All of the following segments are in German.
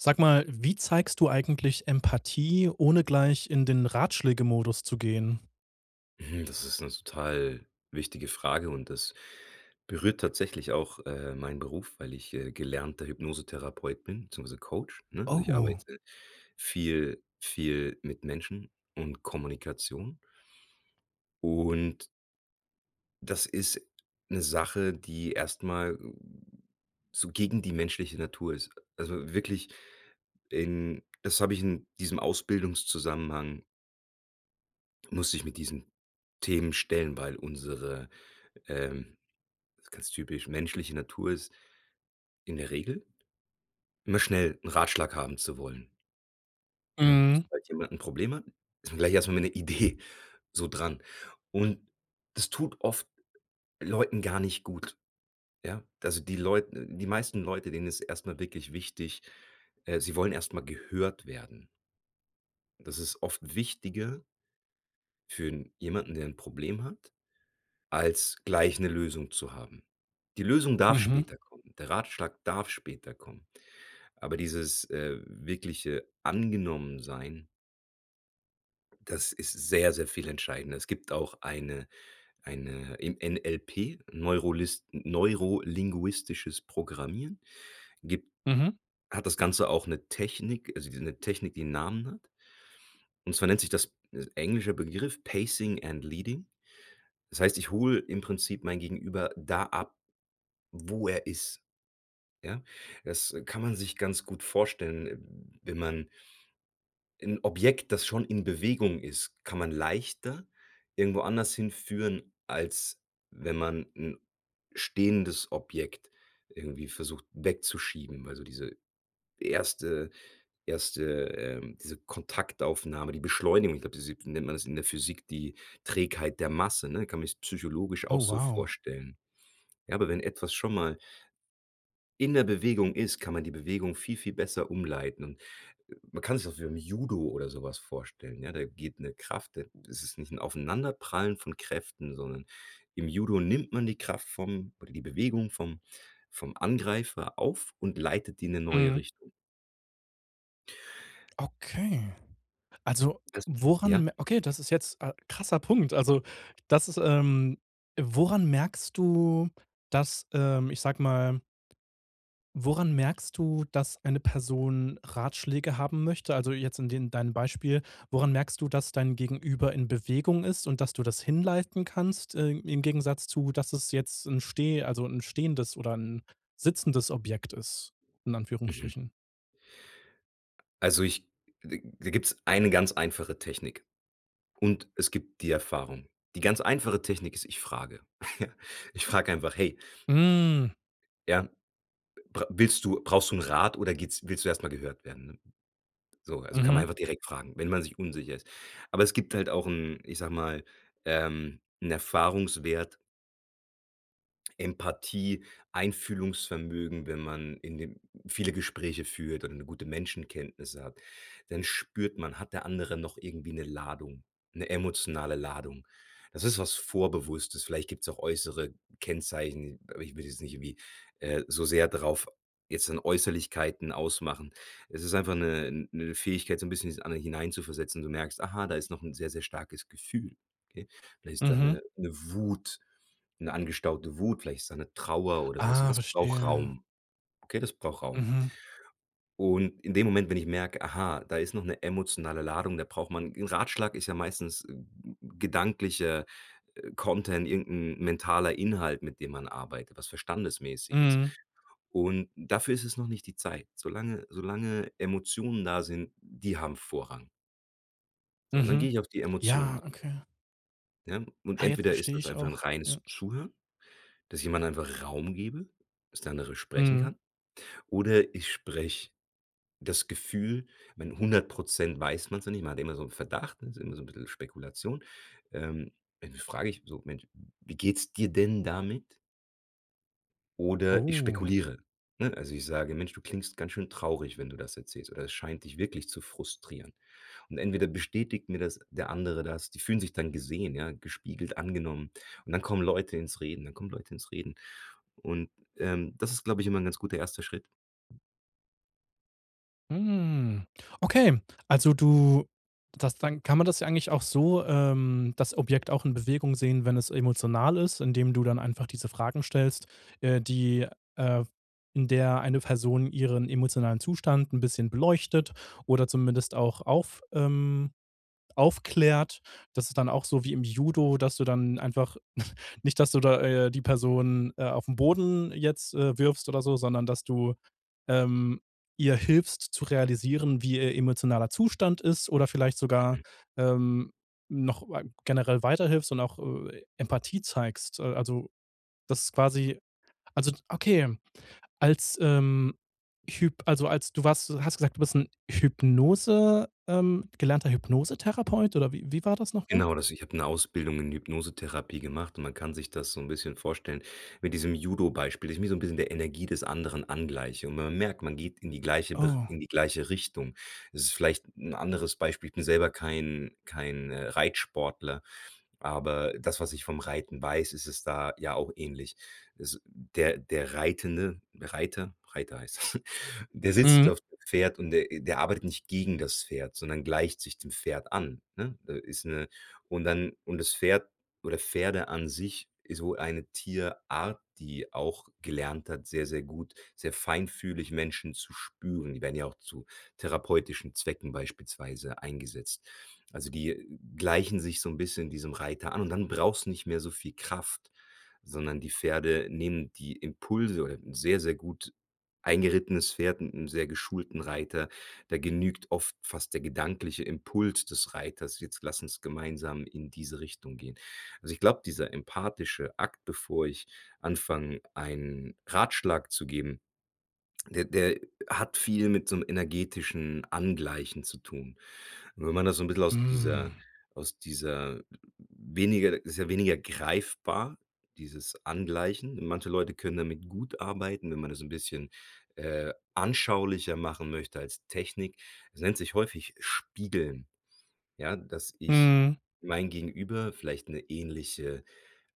Sag mal, wie zeigst du eigentlich Empathie, ohne gleich in den Ratschlägemodus zu gehen? Hm, das ist 'ne total wichtige Frage und das berührt tatsächlich auch, äh, meinen Beruf, weil ich, äh, gelernter Hypnosetherapeut bin beziehungsweise Coach, ne? Also ich Oh. arbeite viel viel mit Menschen und Kommunikation und das ist 'ne Sache, die erst mal so gegen die menschliche Natur ist. Also wirklich in das habe ich in diesem Ausbildungszusammenhang musste ich mit diesen Themen stellen, weil unsere, ähm das ist ganz typisch, menschliche Natur ist, in der Regel, immer schnell 'n Ratschlag haben zu wollen. Ja, Mhm. sobald jemand 'n Problem hat, ist man gleich erst mal mit 'ner Idee so dran und das tut oft Leuten gar nicht gut. Ja, also die Leut äh, die meisten Leute, denen ist erst mal wirklich wichtig, äh sie wollen erst mal gehört werden. Das ist oft wichtiger für 'n jemanden, der 'n Problem hat, als gleich 'ne Lösung zu haben. Die Lösung darf Mhm. später kommen. Der Ratschlag darf später kommen, aber dieses, äh, wirkliche Angenommen sein das ist sehr, sehr viel entscheidender. Es gibt auch eine eine im NLP, neurolist neurolinguistisches Programmieren, gibt Mhm. hat das Ganze auch 'ne Technik, also die 'ne Technik, die 'n Namen hat und zwar nennt sich das ist 'n englischer Begriff: ,,Pacing and leading." Das heißt, ich hole im Prinzip mein Gegenüber da ab, wo er ist, ja? Das kann man sich ganz gut vorstellen, wenn man 'N Objekt, das schon in Bewegung ist, kann man leichter irgendwo anders hinführen, als wenn man 'n stehendes Objekt irgendwie versucht, wegzuschieben, also diese erste erste ähm diese Kontaktaufnahme, die Beschleunigung, ich glaube diese nennt man das in der Physik, die Trägheit der Masse, ne? Kann man jetzt psychologisch Oh auch so wow. vorstellen. Ja, aber wenn etwas schon mal in der Bewegung ist, kann man die Bewegung viel, viel besser umleiten und, äh man kann sich das auch wie im Judo oder sowas vorstellen, ja, da geht 'ne Kraft da ist es nicht 'n Aufeinanderprallen von Kräften, sondern im Judo nimmt man die Kraft vom oder die Bewegung vom vom Angreifer auf und leitet die in 'ne neue Mhm. Richtung. Okay. Also [unintelligible] Ja? woran me okay, das ist jetzt äh, krasser Punkt. Also das ist, ähm woran merkst du, dass ähm, ich sage mal Woran merkst du, dass eine Person Ratschläge haben möchte? Also jetzt in den dein Beispiel, woran merkst du, dass dein Gegenüber in Bewegung ist und dass du das hin leisten kannst, äh, im Gegensatz zu dass es jetzt 'n steh also 'n stehendes oder 'n sitzendes Objekt ist, in Mhm. Anführungsstrichen. Also ich da da gibt's eine ganz einfache Technik. Und es gibt die Erfahrung. Die ganz einfache Technik ist, ich frage. Ja. Ich frage einfach: „Hey Mm. Ja, bra willst du brauchst du 'n Rat oder geht's willst du erst mal gehört werden?" Ne, so also kann man Mhm. einfach direkt fragen, wenn man sich unsicher ist. Aber es gibt halt auch 'n ich sage mal, ähm, 'n Erfahrungswert Empathie, Einfühlungsvermögen, wenn man in den viele Gespräche führt und 'ne gute Menschenkenntnisse hat, dann spürt man, hat der andere noch irgendwie 'ne Ladung 'ne emotionale Ladung. Das ist was Vorbewusstes. Vielleicht gibt's auch äußere Kennzeichen, aber ich würde jetzt nicht irgendwie äh, so sehr darauf jetzt in Äußerlichkeiten ausmachen. Es ist einfach 'ne 'ne Fähigkeit so 'n bisschen dieses eine hineinzuversetzen. Du merkst: „Aha, da ist noch 'n sehr, sehr starkes Gefühl.“ Okay, da ist da Mhm. 'ne 'ne Wut 'ne angestaute Wut, vielleicht ist da 'ne Trauer oder sowas und Ah, das braucht verstehe. Raum okay, das braucht Raum. Mhm. Und in dem Moment, wenn ich merke: „Aha, da ist noch 'ne emotionale Ladung.“ Da braucht man 'n Ratschlag ist ja meistens 'n gedanklicher Content, irgend 'n mentaler Inhalt, mit dem man arbeitet, was Verständnis-mäßiges. Mhm. Und dafür ist es noch nicht die Zeit. Solange solange Emotionen da sind. Die haben Vorrang. So, und dann Mhm. gehe ich auf die Ja, Emotionen ein. okay. Ja, und Ah, jetzt entweder ist verstehe das ich einfach 'n auch. Ja. reines Zuhören, dass jemand einfach Raum gebe, dass der andere sprechen Mhm. kann oder ich spreche das Gefühl meine, 100 % weiß man's ja nicht, man hat immer so 'n Verdacht, das immer so 'n bissel Spekulation. Ähm, Ende frage ich: „So, Mensch, wie geht's dir denn damit?“ Oder ich Oh. spekuliere, ne? Also ich sage: „Mensch, du klingst ganz schön traurig, wenn du das erzählst“, oder: „Es scheint dich wirklich zu frustrieren.“ Und entweder bestätigt mir das der Andere das die fühlen sich dann gesehen, ja, gespiegelt angenommen und dann kommen Leute ins Reden, dann kommen Leute ins Reden und, ähm, das ist, glaube ich, immer 'n ganz guter erster Schritt. Mm, okay, also du das dann kann man das ja eigentlich auch so, ähm das Objekt auch in Bewegung sehen, wenn es emotional ist, indem du dann einfach diese Fragen stellst, äh, die, äh, w in der eine Person ihren emotionalen Zustand 'n bisschen beleuchtet oder zumindest auch auf ähm, aufklärt. Das ist dann auch so wie im Judo, dass du dann einfach nicht, dass du da, äh, die Person, äh, auf 'n Boden jetzt, äh, wirfst oder so, sondern dass du, ähm, ihr hilfst zu realisieren, wie ihr emotionaler Zustand ist oder vielleicht sogar, ähm, noch wei generell weiterhilfst und auch, äh, Empathie zeigst. Äh, also das quasi also okay als, ähm, Hyp also als du warst hast gesagt, du bist 'n Hypnose ähm, gelernter Hypnosetherapeut oder wie wie war das noch mal? Genau das ich habe 'ne Ausbildung in Hypnosetherapie gemacht und man kann sich das so 'n bisschen vorstellen mit diesem Judo-Beispiel, dass ich mich so 'n bisschen der Energie des anderen angleiche. Und wenn man merkt, man geht in die gleiche Ber Oh. in die gleiche Richtung, es ist vielleicht 'n anderes Beispiel, ich bin selber kein kein, äh, Reitsportler, aber das, was ich vom Reiten weiß, ist es da ja auch ähnlich. Es der der Reitende, Reiter Reiter heißt das, der sitzt Mhm. auf dem Pferd und der der arbeitet nicht gegen das Pferd, sondern gleicht sich dem Pferd an, ne? Da ist 'ne und dann und das Pferd oder Pferde an sich ist so eine Tierart, die auch gelernt hat, sehr, sehr gut, sehr feinfühlig Menschen zu spüren. Die werden ja auch zu therapeutischen Zwecken beispielsweise eingesetzt. Also die gleichen sich so 'n bisschen diesem Reiter an und dann braucht's nicht mehr so viel Kraft, sondern die Pferde nehmen die Impulse, oder 'n sehr, sehr gut eingerittenes Pferd mit 'nem sehr geschulten Reiter, da genügt oft fast der gedankliche Impuls des Reiters: „Jetzt lass uns gemeinsam in diese Richtung gehen.“ Also ich glaube, dieser empathische Akt, bevor ich anfange einen Ratschlag zu geben, der der hat viel mit so 'nem energetischen Angleichen zu tun. Wenn man das so 'n bisschen aus dieser Mm. aus dieser weniger ist ja weniger greifbar, dieses Angleichen. Manche Leute können damit gut arbeiten, wenn man das 'n bisschen, äh, anschaulicher machen möchte als Technik es nennt sich häufig ,,spiegeln." Ja, dass ich Mhm. mein Gegenüber, vielleicht 'ne ähnliche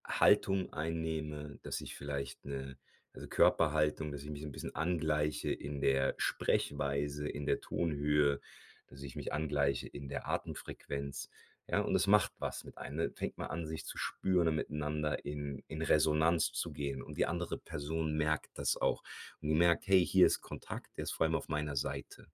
Haltung einnehme, dass ich vielleicht 'ne also Körperhaltung, dass ich mich so 'n bisschen angleiche in der Sprechweise, in der Tonhöhe, dass ich mich angleiche in der Atemfrequenz, ja, und es macht was mit einem, ne fängt man an, sich zu spüren, miteinander in in Resonanz zu gehen und die andere Person merkt das auch und merkt: „Hey, hier ist Kontakt, der ist vor allem auf meiner Seite“,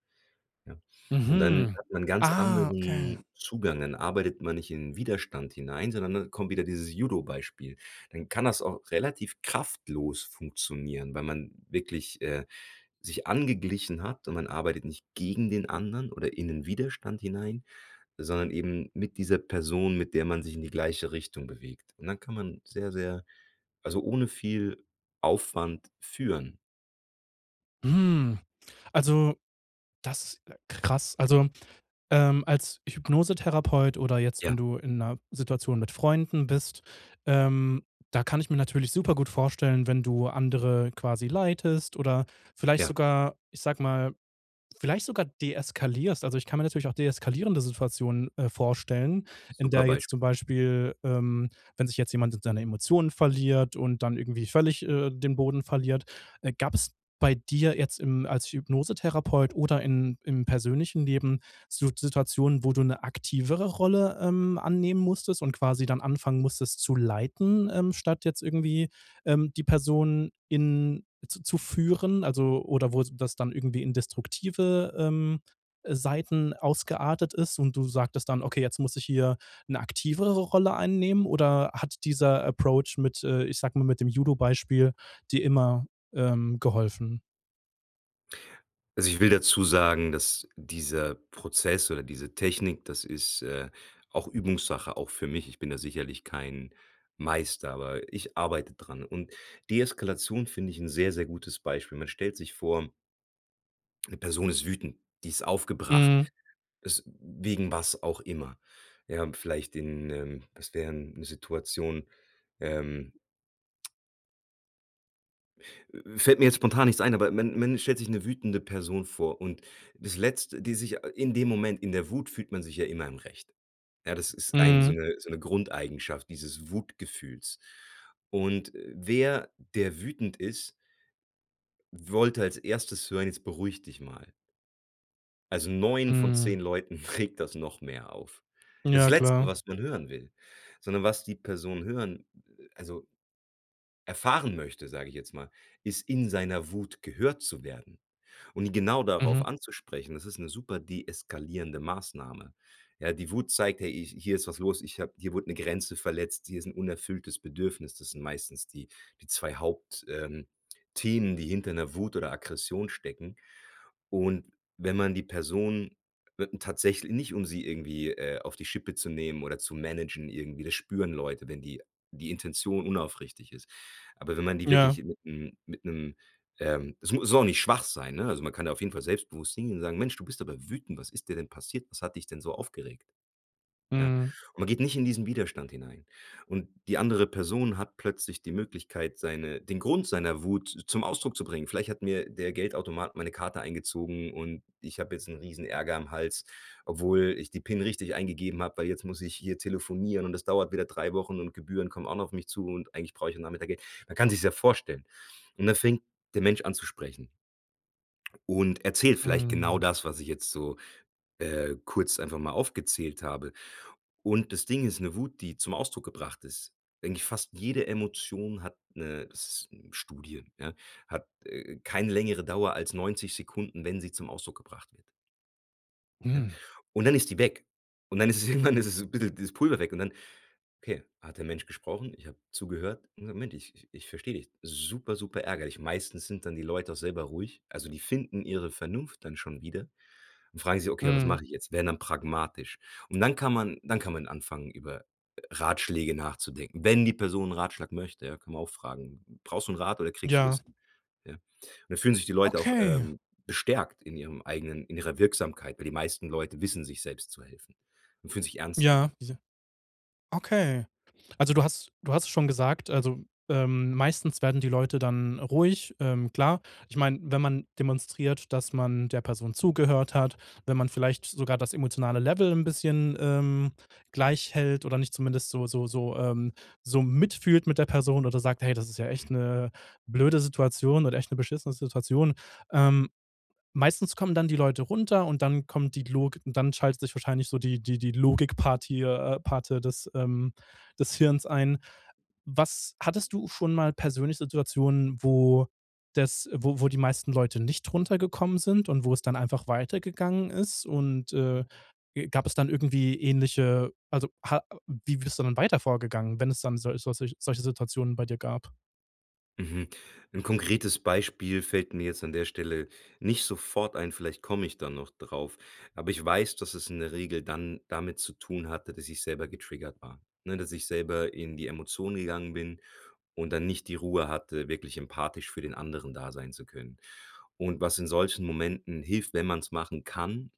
ja. Und dann Mhm, hat man ganz ah okay. anderen Zugang, dann arbeitet man nicht in 'n Widerstand hinein, sondern dann kommt wieder dieses Judobeispiel. Dann kann das auch relativ kraftlos funktionieren, weil man wirklich, äh, sich angeglichen hat und man arbeitet nicht gegen den anderen oder in 'nen Widerstand hinein, sondern eben mit dieser Person, mit der man sich in die gleiche Richtung bewegt. Und dann kann man sehr, sehr also ohne viel Aufwand führen. Mm. Also, das, äh krass. Also, ähm, als Hypnosetherapeut oder jetzt, Ja. wenn du in 'ner Situation mit Freunden bist, ähm, da kann ich mir natürlich super gut vorstellen, wenn du andere quasi leitest oder vielleicht Ja. sogar, ich sag mal, vielleicht sogar deeskalierst. Also ich kann mir natürlich auch deeskalierende Situationen, äh, vorstellen, in Super der jetzt Beisp zum Beispiel, ähm, wenn sich jetzt jemand seine Emotionen verliert und dann irgendwie völlig, äh, den Boden verliert. Äh, gab's bei dir jetzt im als Hypnosetherapeut oder in im persönlichen Leben so Situationen, wo du 'ne aktivere Rolle, ähm, annehmen musstest und quasi dann anfangen musstest zu leiten, ähm, statt jetzt irgendwie, ähm, die Person in z zu führen, also oder wo das dann irgendwie in destruktive, ähm, Seiten ausgeartet ist? Und du sagtest dann: „Okay, jetzt muss ich hier 'ne aktivere Rolle einnehmen." Oder hat dieser Approach mit, äh, ich sag mal, mit dem Judo Beispiel dir immer, ähm, geholfen? Also ich, will dazu sagen, dass dieser Prozess oder diese Technik das ist, äh, auch Übungssache auch für mich. Ich bin da sicherlich kein Meister, aber ich arbeite dran und Deeskalation finde ich 'n sehr, sehr gutes Beispiel. Man stellt sich vor 'ne Person ist wütend, die ist aufgebracht, Mhm. es wegen was auch immer. Ja, vielleicht den, ähm was wären Situationen, ähm fällt mir jetzt spontan nichts ein, aber man man stellt sich 'ne wütende Person vor und das Letzt die sich in dem Moment in der Wut fühlt man sich ja immer im Recht. Ja, das ist ein so Mhm. 'ne so 'ne Grundeigenschaft dieses Wutgefühls. Und wer, der wütend ist wollte als 1. hören: „Jetzt beruhig dich mal!“ Also 9 von 10 Mhm. Leuten regt das noch mehr auf. Das Ja, Letzte, klar. was man hören will, sondern was die Person hören, also erfahren möchte, sage ich jetzt mal, ist in seiner Wut gehört zu werden und genau darauf Mhm. anzusprechen. Das ist 'ne super deeskalierende Maßnahme, ja. Die Wut zeigt ja: „Hi hier ist was los, ich habe hier wurde 'ne Grenze verletzt, hier ist 'n unerfülltes Bedürfnis.“ Das sind meistens die die 2 Haupt ähm, Themen, die hinter 'ner Wut oder Aggression stecken und wenn man die Person, wir tatsächl nicht, um sie irgendwie, äh, auf die Schippe zu nehmen oder zu managen irgendwie, das spüren Leute, wenn die die Intention unaufrichtig ist. Aber wenn man die Ja. wirklich mit 'nem mit 'nem, ähm, es mu soll auch nicht schwach sein, ne? Also man kann da auf jeden Fall selbstbewusst singen und sagen: „Mensch, du bist aber wütend. Was ist dir denn passiert? Was hat dich denn so aufgeregt?“ Ja, Mhm. und man geht nicht in diesen Widerstand hinein. Und die andere Person hat plötzlich die Möglichkeit, seine den Grund seiner Wut zum Ausdruck zu bringen. Vielleicht hat mir der Geldautomat meine Karte eingezogen und ich hab jetzt 'n Riesenärger am Hals, obwohl ich die PIN richtig eingegeben habe, weil jetzt muss ich hier telefonieren und es dauert wieder 3 Wochen und Gebühren kommen auch noch auf mich zu und eigentlich brauche ich am Nachmittag Geld. Man kann sich's ja vorstellen und dann fängt der Mensch an zu sprechen und erzählt vielleicht genau Mhm. das, was ich jetzt so, äh, kurz einfach mal aufgezählt habe. Und das Ding ist 'ne Wut, die zum Ausdruck gebracht ist. Eigentlich fast jede Emotion hat 'ne s s Studie ja, hat, äh, keine längere Dauer als 90 Sekunden, wenn sie zum Ausdruck gebracht wird. Ja, Mm. und dann ist die weg. Und dann ist irgendwann, ist es bisschen dieses Pulver weg und dann, okay, hat der Mensch gesprochen? Ich hab zugehört und gesagt: ,,Moment, ich ich versteh dich. Super, super ärgerlich." Meistens sind dann die Leute auch selber ruhig, also die finden ihre Vernunft dann schon wieder und fragen sich: „Okay, was Mhm. mache ich jetzt?" Werden dann pragmatisch, und dann kann man dann kann man anfangen, über, äh, Ratschläge nachzudenken. Wenn die Person 'n Ratschlag möchte, kann man auch fragen: „Mm, brauchst du 'n Rat oder kriegst du das Ja. hin?" Ja? Und da fühlen sich die Leute auch, Okay. ähm, bestärkt in ihrem eigenen in ihrer Wirksamkeit, weil die meisten Leute wissen sich selbst zu helfen und fühlen sich ernst Ja, genommen. diese Okay. Also du hast du hast es schon gesagt, also, ähm, meistens werden die Leute dann ruhig, ähm, klar. Ich mein, wenn man demonstriert, dass man der Person zugehört hat, wenn man vielleicht sogar das emotionale Level 'n bisschen, ähm, gleich hält oder nicht zumindest so so so, ähm, so mitfühlt mit der Person oder sagt: „Hey, das ist ja echt 'ne blöde Situation oder echt 'ne beschissene Situation." Ähm, meistens kommen dann die Leute runter und dann kommt die Logik, und dann schaltet sich wahrscheinlich so die die die Logikpartie, äh Parte des, ähm, des Hirns ein. Was hattest du schon mal persönlich Situationen, wo das wo wo die meisten Leute nicht runtergekommen sind und wo es dann einfach weitergegangen ist? Und, äh, äh, gab es dann irgendwie ähnliche, also ha äh, wie bist du dann weiter vorgegangen, wenn es dann solch solche solche solche Situationen bei dir gab? Mhm. 'N konkretes Beispiel fällt mir jetzt an der Stelle nicht sofort ein. Vielleicht komme ich da noch drauf, aber ich weiß, dass es in der Regel dann damit zu tun hatte, dass ich selber getriggert war. Ne, dass ich selber in die Emotionen gegangen bin und dann nicht die Ruhe hatte, wirklich empathisch für den anderen da sein zu können. Und was in solchen Momenten hilft, wenn man's machen kann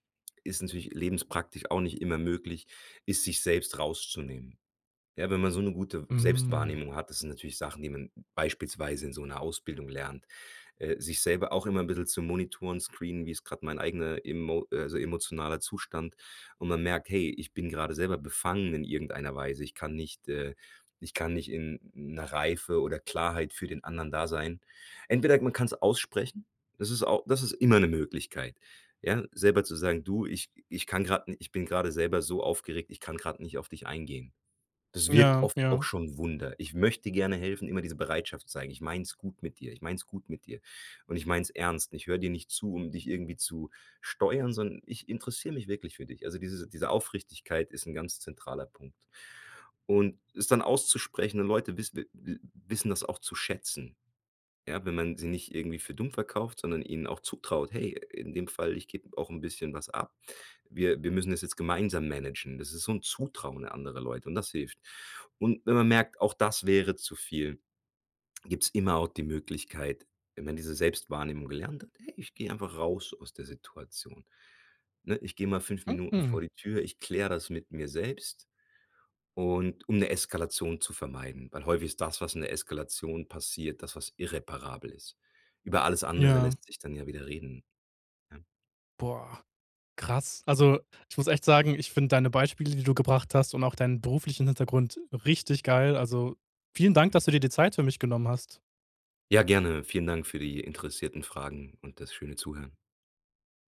ist natürlich lebenspraktisch auch nicht immer möglich ist, sich selbst rauszunehmen. Ja, wenn man so 'ne gute Mm. Selbstwahrnehmung hat das sind natürlich Sachen, die man beispielsweise in so 'ner Ausbildung lernt. Äh, sich selber auch immer 'n bissel zu monitoren screenen, wie's grad mein eigener emo also emotionaler Zustand und man merkt: „Hey, ich bin gerade selber befangen in irgendeiner Weise. Ich kann nicht, äh ich kann nicht in 'ner Reife oder Klarheit für den anderen da sein. Entweder man kann's aussprechen, das ist au das ist immer 'ne Möglichkeit, ja, selber zu sagen: „Du, ich ich kann grad ni ich bin gerade selber so aufgeregt, ich kann grad nicht auf dich eingehen." Das wirkt Ja, oft auch ja. schon Wunder. Ich möchte gerne helfen immer diese Bereitschaft zeigen: „Ich mein's gut mit dir, ich mein's gut mit dir, und ich mein's ernst. Ich höre dir nicht zu, um dich irgendwie zu steuern, sondern ich interessiere mich wirklich für dich." Also diese diese Aufrichtigkeit ist 'n ganz zentraler Punkt. Und es dann auszusprechen und Leute wiss wi wi wissen das auch zu schätzen, ja, wenn man sie nicht irgendwie für dumm verkauft, sondern ihnen auch zutraut: „Hey, in dem Fall ich gebe auch 'n bisschen was ab. Wir wir müssen das jetzt gemeinsam managen." Das ist so 'n Zutrauen an andere Leute und das hilft. Und wenn man merkt: „Auch das wäre zu viel," gibt's immer auch die Möglichkeit wenn man diese Selbstwahrnehmung gelernt hat: „Ey, ich gehe einfach raus aus der Situation, ne?" Ich gehe mal 5 Minuten Mhm. vor die Tür, ich kläre das mit mir selbst und um 'ne Eskalation zu vermeiden. Weil häufig ist das, was in der Eskalation passiert, das, was irreparabel ist. Über alles andere Ja. lässt sich dann ja wieder reden, ja? Boah, krass. Also, ich muss echt sagen, ich finde deine Beispiele, die du gebracht hast und auch deinen beruflichen Hintergrund richtig geil. Also, vielen Dank, dass du dir die Zeit für mich genommen hast. Ja, gerne. Vielen Dank für die interessierten Fragen und das schöne Zuhören.